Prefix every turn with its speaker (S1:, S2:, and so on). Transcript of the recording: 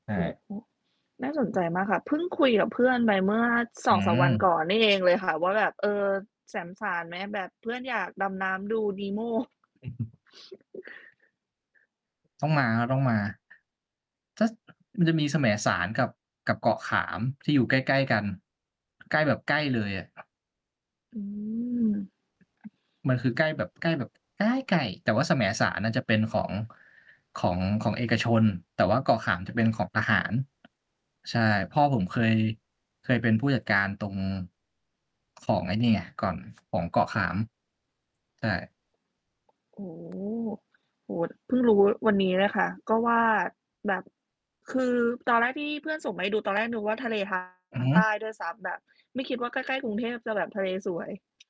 S1: ใช
S2: โอ้
S1: ่
S2: โฮ น่าสนใจมากค่ะ เพิ่งคุยกับเพื่อนไปเมื่อ ส
S1: อื
S2: องสาม วันก
S1: ม
S2: ่อนนี่เองเลยค่ะว่า แบบ "เออ แสมสารไหม?" แบบเพื่อนอยากดำน้ำดู Nemo
S1: ต้องมาครับ ต้องมา จัส มันจะมีแสมสารกับ กับเกาะขามที่อยู่ใกล้ ๆ กัน ใกล้แบบ ใกล้เลยอะ
S2: อืม
S1: มันคือใกล้แบบ ใกล้แบบ ใกล๊ไกล้ แต่ว่าแสมสารน่ะจะเป็นของ ของ ของเอกชน แต่ว่าเกาะขามจะเป็นของทหาร ใช่ พ่อผมเคย เคยเป็นผู้จัดการตรง ของไอ้นี่อะ ก่อน ของเกาะขาม ใช่
S2: โอ้โฮ โอ้โฮ เพิ่งรู้วันนี้เลยค่ะ ก็ว่า แบบ คือตอนแรกที่เพื่อนส่งมาให้ดู ตอนแรกนึกว่าทะเล ทา
S1: อือ
S2: ง
S1: ฮ
S2: ใต
S1: ึ
S2: ้ด้วยซ้ำ แบบไม่คิดว่า ใกล้ ๆ กรุงเทพจะแบบทะเลสวย